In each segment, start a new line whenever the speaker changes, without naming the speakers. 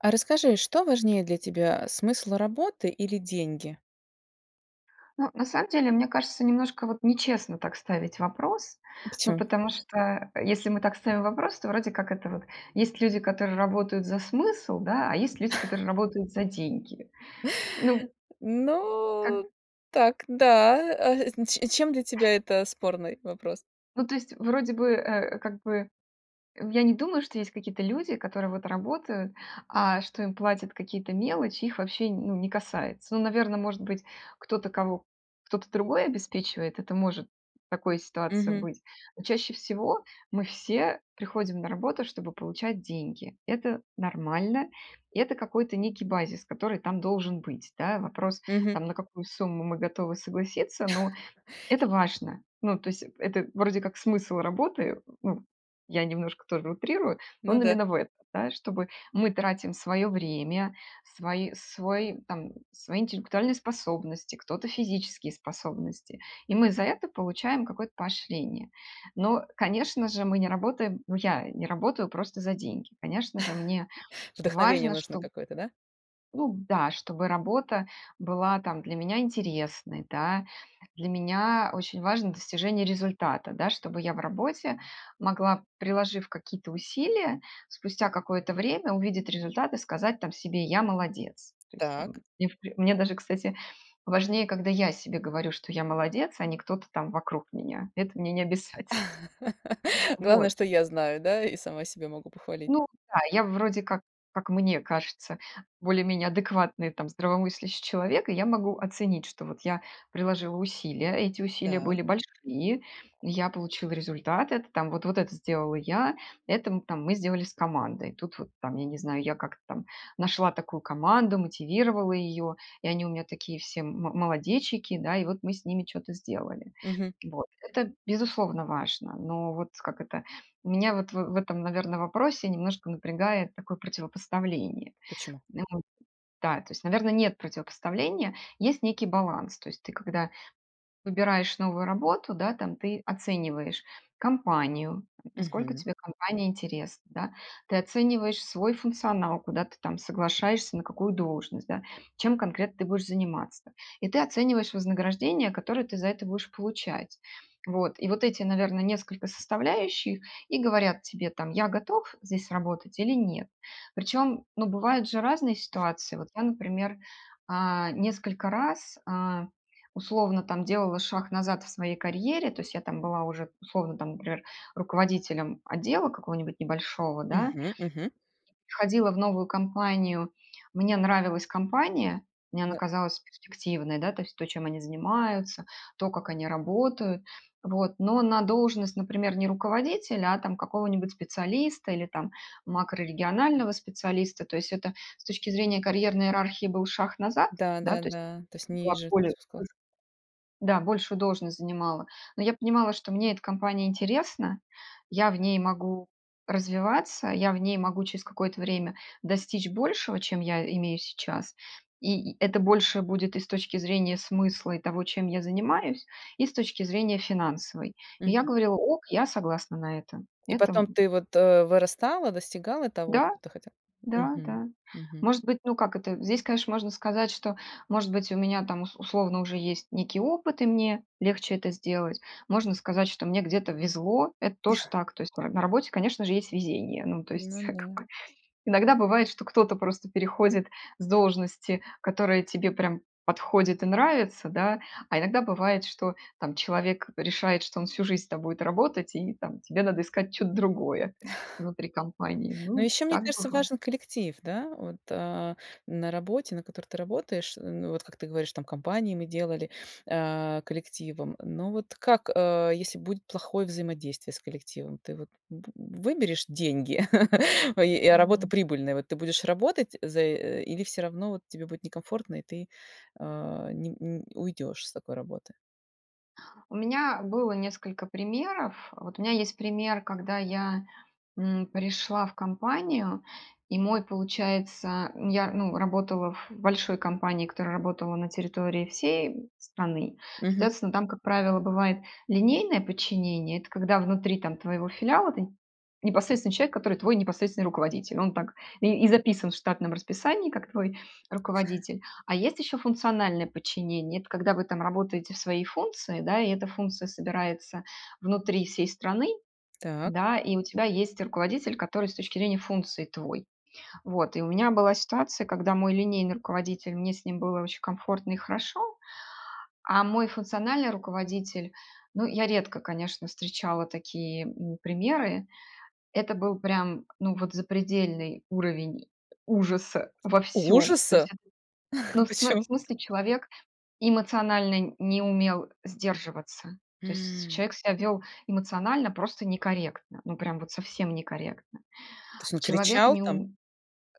А расскажи, что важнее для тебя: смысл работы или деньги?
Ну, на самом деле, мне кажется, немножко вот нечестно так ставить вопрос.
А
Ну,
почёму?
потому что если мы так ставим вопрос, то вроде как это вот есть люди, которые работают за смысл, да, а есть люди, которые работают за деньги. Ну. Как
Ну, так, да, а, а ч чем для тебя это спорный вопрос?
Ну, то есть вроде бы, э, как бы, э, я не думаю, что есть какие-то люди, которые вот работают, а что им платят какие-то мелочи, их вообще, не ну, не касается. Ну, наверно, может быть, кто-то, кого кто-то другой обеспечивает, это может в такой ситуации
Угу.
быть. Но чаще всего мы все приходим на работу, чтобы получать деньги. Это нормально. Это какой-то некий базис, который там должен быть. Да, вопрос,
Угу.
там на какую сумму мы готовы согласиться, но это важно. Ну, то есть это вроде как смысл работы. Ну, я немножко тоже утрирую, но
Ну
он
да.
именно в это, да, чтобы мы тратим своё время, свои свой, там, свои интеллектуальные способности, кто-то физические способности, и мы за это получаем какое-то поощрение. Но, конечно же, мы не работаем, ну, я не работаю просто за деньги, конечно же, мне
Вдохновение
важно,
нужно
чтоб
какое-то, да?
ну да, чтобы работа была там для меня интересной, да. Для меня очень важно достижение результата, да, чтобы я в работе могла, приложив какие-то усилия, спустя какое-то время увидеть результаты, сказать там себе: "Я молодец". То есть там,
Так.
мне в пр мне даже, кстати, важнее, когда я себе говорю, что я молодец, а не кто-то там вокруг меня. Это мне необязательно.
Главное,
Вот.
что я знаю, да, и сама себя могу похвалить.
Ну да, я вроде как, как мне кажется, более-менее адекватный, там, здравомыслящий человек, и я могу оценить, что вот я приложила усилия, а эти усилия
Так.
были большие, и я получила результат, это, там, вот вот это сделала я, это, там, мы сделали с командой. Тут вот, там, я не знаю, я как-то там нашла такую команду, мотивировала её, и они у меня такие все мо молодечики, да, и вот мы с ними чё-то сделали.
Угу.
Вот. Это, безусловно, важно. Но вот, как это, меня вот в этом, наверно, вопросе немножко напрягает такое противопоставление.
Почему?
Ну да, то есть, наверно, нет противопоставления, есть некий баланс. То есть ты когда выбираешь новую работу, да, там, ты оцениваешь компанию, насколько
Угу.
тебе компания интересна, да, ты оцениваешь свой функционал, куда ты там соглашаешься, на какую должность, да, чем конкретно ты будешь заниматься. И ты оцениваешь вознаграждение, которое ты за это будешь получать. Вот. И вот эти, наверно, несколько составляющих и говорят тебе, там: "Я готов здесь работать или нет". Причём, ну, бывают же разные ситуации. Вот я, например, а, несколько раз, а, условно, там, делала шаг назад в своей карьере, то есть я там была уже, условно, например, руководителем отдела какого-нибудь небольшого, да
Мгм, мгм.
уходила в новую компанию, мне нравилась компания, мне она
[unintelligible]
казалась перспективной, да, то есть то, чем они занимаются, то, как они работают. Вот, но на должность, например, не руководителя, а там какого-нибудь специалиста или там макрорегионального специалиста, то есть это с точки зрения карьерной иерархии был шаг назад,
Да,
да,
да,
то есть
да. То есть
была
ниже
более,
[unintelligible]
[unintelligible] да, большую должность занимала. Но я понимала, что мне эта компания интересна. Я в ней могу развиваться. Я в ней могу через какое-то время достичь большего, чем я имею сейчас. И это больше будет и с точки зрения смысла, и того, чем я занимаюсь, и с точки зрения финансовой. И я
Мгм.
говорила: "Ок, я согласна на это".
И
Это,
потом
м
ты вот, э, вырастала, достигала того,
Да.
что ты хотела
Да,
мгм,
да.
мгм.
Может быть, ну, как это, здесь, конечно, можно сказать, что, может быть, у меня там ус условно уже есть некий опыт и мне легче это сделать. Можно сказать, что мне где-то везло- это тоже так. То есть на работе, конечно же, есть везение. Ну, то
Ну
есть как
да.
бы иногда бывает, что кто-то просто переходит с должности, которая тебе прям подходит и нравится, да, а иногда бывает, что, там, человек решает, что он всю жизнь с тобой будет работать, и, там, тебе надо искать что-то другое внутри компании.
Ну,
Ну,
ещё, мне
так
кажется,
бывает.
важен коллектив. Да вот, э, на работе, на которой ты работаешь, м, ну, вот как ты говоришь, там компании мы делали, э, коллективом. Но вот как, э, если будет плохое взаимодействие с коллективом, ты вот, б выберешь деньги и, э, работа
М.
прибыльная, вот. Ты будешь работать за, э, или всё равно вот тебе будет некомфортно, и ты, а, не н уйдёшь с такой работы?
У меня было несколько примеров. Вот у меня есть пример, когда я, м, пришла в компанию и мой, получается М, я, ну, работала в большой компании, которая работала на территории всей, м, страны.
Мгм.
Соответственно, там, как правило, бывает линейное подчинение- это когда внутри, там, твоего филиала ты непосредственный человек, который твой непосредственный руководитель. Он так и и записан в штатном расписании как твой руководитель. А есть еще функциональное подчинение- это когда вы там работаете в своей функции, да, и эта функция собирается внутри всей страны,
Так.
да, и у тебя есть руководитель, который с точки зрения функций твой. Вот. И у меня была ситуация, когда мой линейный руководитель мне с ним было очень комфортно и хорошо. А мой функциональный руководитель- ну, я редко, конечно, встречала такие, м, примеры,- это был прям, ну, вот запредельный уровень ужаса во всём. То есть
Ужаса?
это, ну, в смы в
Почем
смысле, человек эмоционально не умел сдерживаться. То есть
М.
человек себя вёл эмоционально просто некорректно, ну, прям вот совсем некорректно.
То есть он
Человек
кричал
не
там?
ум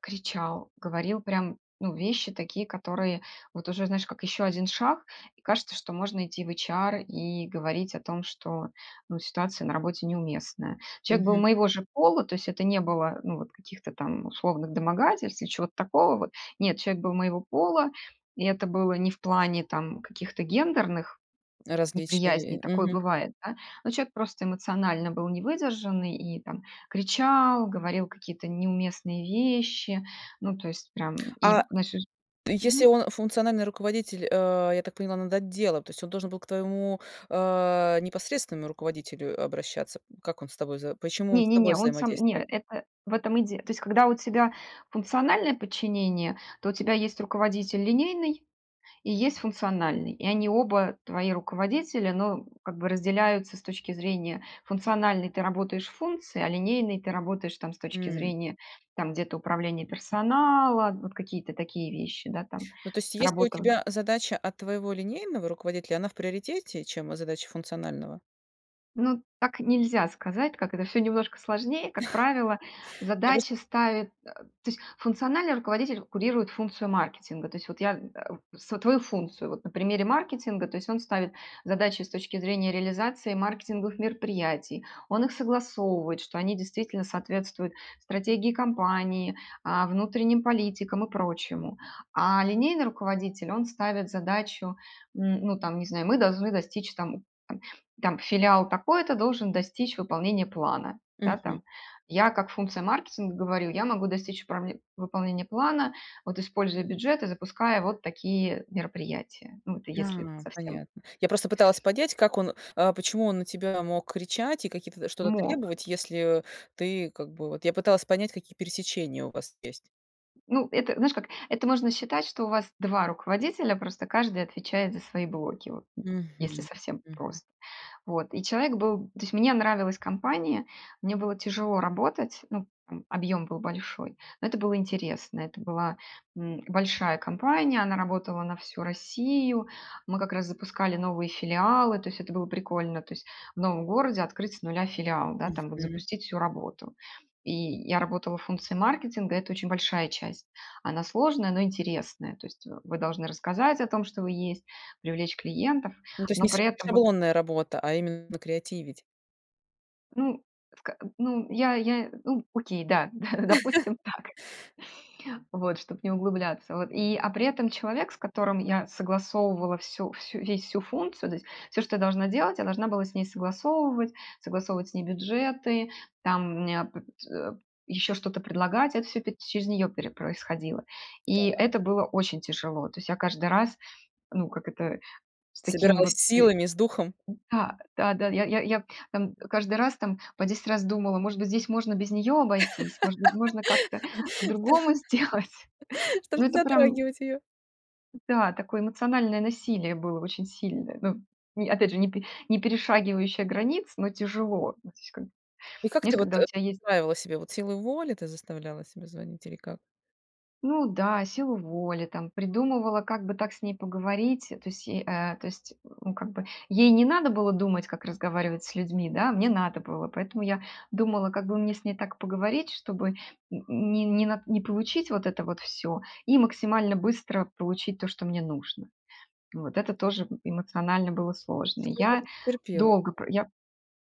кричал, говорил прям, ну, вещи такие, которые вот уже, знаешь, как еще 1 шаг, и кажется, что можно идти в HR и говорить о том, что, ну, ситуация на работе неуместная. Человек был
Мгм.
моего же пола, то есть это не было, ну, вот каких-то там условных домогательств или чего-то такого вот. Нет, человек был моего пола, и это было не в плане там каких-то гендерных
Различия
неприязней,
и
такое
мгм.
бывает, да? Но человек просто эмоционально был невыдержанный и там кричал, говорил какие-то неуместные вещи, ну, то есть прям.
А
И [unintelligible]
если
Мгм.
он функциональный руководитель, э, я так поняла, над отделом, то есть он должен был к твоему, а, непосредственному руководителю обращаться? Как он с тобой за почему он
Не,
с
не,
тобой
не, он сам не,
взаимодействовал?
это, в этом и де То есть, когда у тебя функциональное подчинение, то у тебя есть руководитель линейный и есть функциональный, и они оба твои руководители. Но как бы разделяются с точки зрения функциональной ты работаешь в функции, а линейной ты работаешь, там, с точки
М.
зрения, там, где-то управления персонала, вот какие-то такие вещи, да, там.
Ну, то есть, если у
Работа, м
тебя задача от твоего линейного руководителя, она в приоритете, чем задача функционального?
Ну, так нельзя сказать, так как это всё немножко сложнее. Как правило,
Я просто.
задачи ставит, э, то есть, функциональный руководитель курирует функцию маркетинга. То есть, вот я, а, свою функцию, вот, на примере маркетинга, то есть, он ставит задачи с точки зрения реализации маркетинговых мероприятий, он их согласовывает, что они действительно соответствуют стратегии компании, а, внутренним политикам и прочему. А линейный руководитель, он ставит задачу, н ну, там, не знаю: "Мы должны достичь, там, там, там, филиал такой-то должен достичь выполнения плана". Да,
Мгм.
там. Я как функция маркетинга говорю: "Я могу достичь пробе выполнения плана, вот, используя бюджет и запуская вот такие мероприятия". Ну, если
Да.
совсем
Понятно. Я просто пыталась понять, как он, а почему он на тебя мог кричать и какие-то, что-то
Мог.
требовать, если, э, ты, как бы, вот Я пыталась понять, какие пересечения у вас есть.
Ну, это, знаешь как. Это можно считать, что у вас 2 руководителя, просто каждый отвечает за свои блоки. Вот, если
Мгм.
совсем
Мгм.
прос Вот. И человек был то есть, мне нравилась компания, мне было тяжело работать, ну, там, объем был большой. Но это было интересно, это была, м, большая компания, она работала на всю Россию. Мы как раз запускали новые филиалы, то есть это было прикольно, то есть, в новом городе открыть с нуля филиал, да, там вот,
Мгм.
запустить всю работу. И я работала в функции маркетинга, это очень большая часть. Она сложная, но интересная. То есть, вы должны рассказать о том, что вы есть, привлечь клиентов,
Ну, то есть,
но
не ша
при этом, вот
шаблонная работа, а именно креативить.
Ну, в ка м, ну, я я, ну, окей, да да, допустим, так. Вот, чтоб не углубляться. Вот и, а при этом человек, с которым я согласовывала всю всю весь всю функцию, то есть, всё, что я должна делать, я должна была с ней согласовывать, согласовывать с ней бюджеты, там у меня пот еще что-то предлагать. Это всё пет через нее пере происходило. И
Так.
это было очень тяжело. То есть, я каждый раз, ну, как это, с таким
Собиралась
вот,
с
и
силами, с духом?
да-да-да, я я я, там, каждый раз, там, по 10 раз думала: "Может быть, здесь можно без нее обойтись? Может быть, можно как-то по-другому сделать?"
Что же,
Но
не
это прям
затрагивать ее.
Да, такое эмоциональное насилие было очень сильное. Ну, ни опять же, не пе не перешагивающее границ, но тяжело, то есть, как бы.
И как
Знаешь,
ты вот,
когда у
э,
тебя есть
правила себе, вот, силу воли, ты заставляла себя звонить или как?
Ну да, силу воли, там, придумывала, как бы так с ней поговорить. То есть, е э, то есть, ну, как бы, ей не надо было думать, как разговаривать с людьми, да, а мне надо было, поэтому я думала, как бы мне с ней так поговорить, чтобы н не не на не получить вот это вот всё, и максимально быстро получить то, что мне нужно. Вот. Это тоже эмоционально было сложно. И
Сколько
я
же ты терпела
долго
это?
про я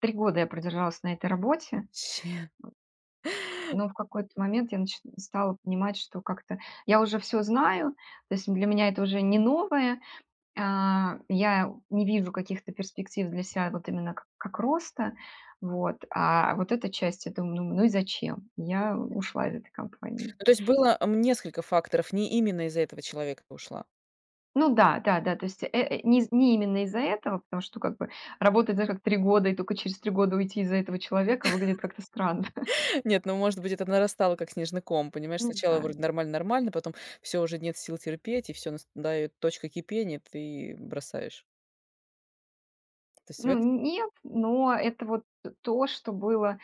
3 года я продержалась на этой работе. Вот.
Вообще.
Но в какой-то момент я нач стала понимать, что как-то я уже всё знаю, то есть для меня это уже не новое, а, я не вижу каких-то перспектив для ся, вот именно как как роста, вот. А вот эта часть я дум думаю: "Ну и зачем?" Я ушла из этой компании.
Ну, то есть, было, м несколько факторов, не именно из-за этого человека ты ушла?
Ну да-да-да, то есть, э э, не из не именно из-за этого, потому что, как бы, работать, знаешь, как 3 года и только через 3 года уйти из-за этого человека выглядит как-то странно.
Нет, ну, может быть, это нарастало как снежный ком, понимаешь,
Ну
сначала
да,
вроде
да.
нормально нормально, потом- всё, уже нет сил терпеть, и, всё, настает точка кипения, ты бросаешь. То есть в
Ну,
этом
н нет, но это вот то, что было,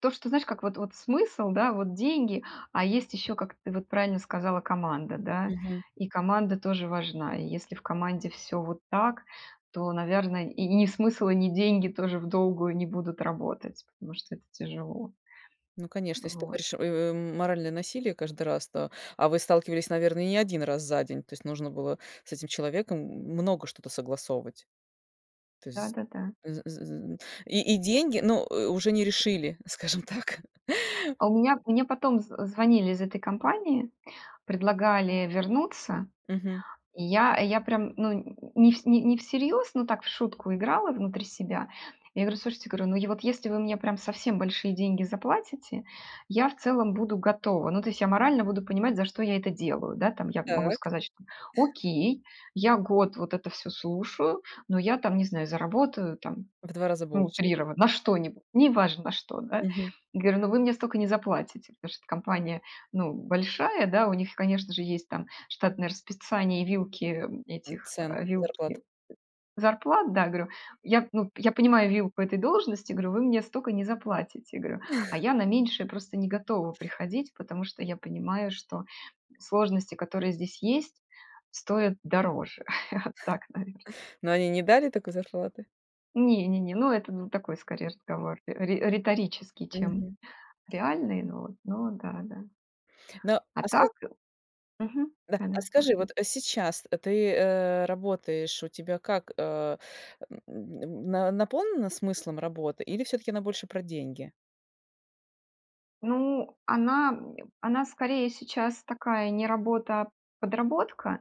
то, что, знаешь, как вот вот, смысл, да, вот деньги, а есть еще, как ты вот правильно сказала, команда, да.
Мгм.
И команда тоже важна. И если в команде всё вот так, то, наверно, и ни смысл, и ни деньги тоже в долгую не будут работать, потому что это тяжело.
Ну, конечно, если ты
Вот.
говоришь: "Ой ой, м моральное насилие"- каждый раз, то А вы сталкивались, наверно, и не 1 раз за день, то есть нужно было с этим человеком много что-то согласовывать? То есть
Да-да-да.
з з з з И и деньги, ну, уже не решили, скажем так?
А у меня мне потом з звонили из этой компании, предлагали вернуться.
Мгм.
И я я прям, ну, не в не всерьез, но так в шутку играла внутри себя. Я говорю:"Слушайте"- говорю- "Ну, е вот если вы мне прям совсем большие деньги заплатите, я в целом буду готова. Ну то есть я морально буду понимать, за что я это делаю, да, там". Я могу
Так.
сказать, что: "Окей, я год вот это всё слушаю, но я там, не знаю, заработаю там,
В 2 раза
ну,
больше.
утрированно, на что-нибудь, неважно на что, да
Мгм.
-говорю. "Ну, вы мне столько не заплатите"- потому что компания, ну, большая, да, у них, конечно же, есть там штатное расписание и вилки
М
этих
цен
э,
[unintelligible] зарплату.
вилки зарплат, да. Говорю: "Я, ну, я понимаю вилку этой должности". Говорю: "Вы мне столько не заплатите"- говорю. А я на меньшее просто не готова приходить, потому что я понимаю, что сложности, которые здесь есть, стоят дороже". Вот так, наверно.
Но они не дали такой зарплаты?
Не-не-не, ну, это, ну, такой скорее разговор ри риторический, чем
Мгм.
реальный, но вот но да да.
Но,
А
а, ска
так мгм.
Да. А
Да-да,
скажи, вот
слушаю.
сейчас ты, э, работаешь, у тебя как, а, мн мн наполнена смыслом работа или всё-таки она больше про деньги?
Ну, она, м, она скорее сейчас такая не работа, а подработка,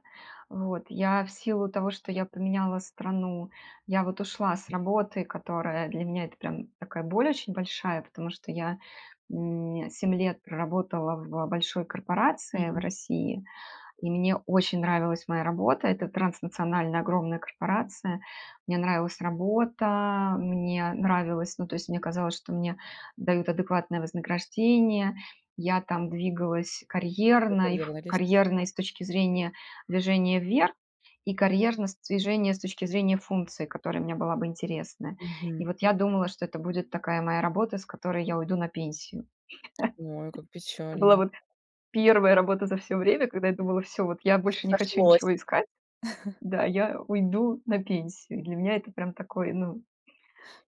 вот. Я в силу того, что я поменяла страну, я вот ушла с работы, которая для меня это прям такая боль очень большая, потому что я, м, 7 лет проработала в большой корпорации в
Мгм.
России, и мне очень нравилась моя работа. Это транснациональная огромная корпорация. Мне нравилась работа, мне нравилось ну, то есть, мне казалось, что мне дают адекватное вознаграждение. Я там двигалась
По
карьерно, и ф
карьерной лестнице?
карьерно, и с точки зрения движения вверх, и карьерно с движения с точки зрения функции, которая мне была бы интересна. И
Мгм.
вот я думала, что это будет такая моя работа, с которой я уйду на пенсию.
Ой, как
Это была
печально.
вот первая работа за всё время, когда я думала: "Всё, вот я
Всё
больше не хочу
сошлось.
ничего искать"-да-"я уйду на пенсию". И для меня это прям такой, ну,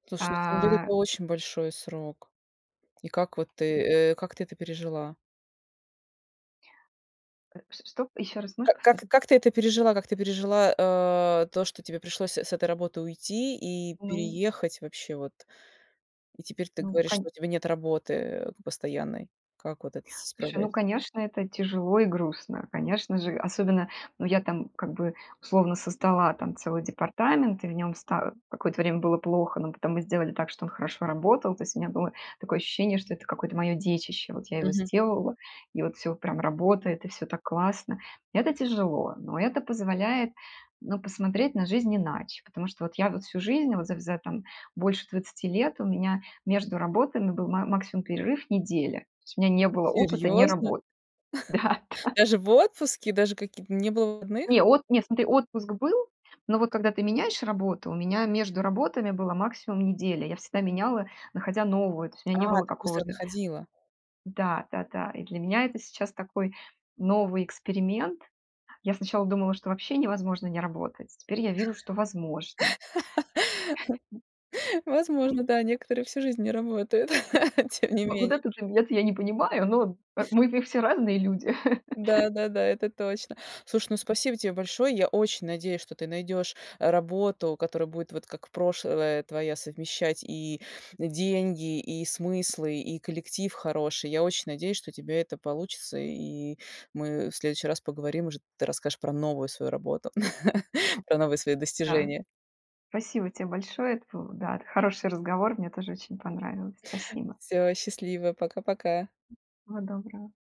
Слушай, ну, 7 лет-
а
это очень большой срок. И как вот ты э, как ты это пережила?
Э, ч что? Ещё раз можешь
Ка как
повторить?
как ты это пережила, как ты пережила, э, то, что тебе пришлось с э с этой работы уйти и
Ну
переехать вообще вот? И теперь ты
Ну,
говоришь, что
кань
у тебя нет работы, э, постоянной. Как вот это с
Слушай,
справляешься?
ну, конечно, это тяжело и грустно, конечно же. Особенно ну, я там как бы условно создала там целый департамент, и в нём ста какое-то время было плохо, но потом мы сделали так, что он хорошо работал. То есть у меня было такое ощущение, что это какое-то моё детище, вот я его
Мгм.
сделала, и вот всё прям работает, и всё так классно. Это тяжело, но это позволяет, ну, посмотреть на жизнь иначе, потому что вот я вот всю жизнь, вот за за там больше 20 лет, у меня между работами был ма максимум перерыв неделя. То есть у меня не было опыта не
Серьёзно?
работы. Да, да.
Даже в отпуске, даже каки не было выходных?
Не, от не, смотри, отпуск был, но вот когда ты меняешь работу, у меня между работами была максимум неделя. Я всегда меняла, находя новую, то есть у меня не
А,
было
так быстро
какого-то
находила.
Да-да-да. И для меня это сейчас такой новый эксперимент. Я сначала думала, что вообще невозможно не работать, теперь я вижу, что возможно.
Возможно, да, некоторые всю жизнь не работают, тем не
Во вот
менее.
этот момент я не понимаю, но, а, мы в все разные люди.
Да, да, да, это точно. Слушай, ну, спасибо тебе большое. Я очень надеюсь, что ты найдешь работу, которая будет, вот как прошлая твоя, совмещать и деньги, и смыслы, и коллектив хороший. Я очень надеюсь, что у тебя это получится, и мы в следующий раз поговорим, уже ты расскажешь про новую свою работу, про новые свои
Да.
достижения.
Спасибо те большое, это был да, это хороший разговор, мне тоже очень понравилось. Спасибо.
Всё, счастливо, пока-пока.
Всего доброго.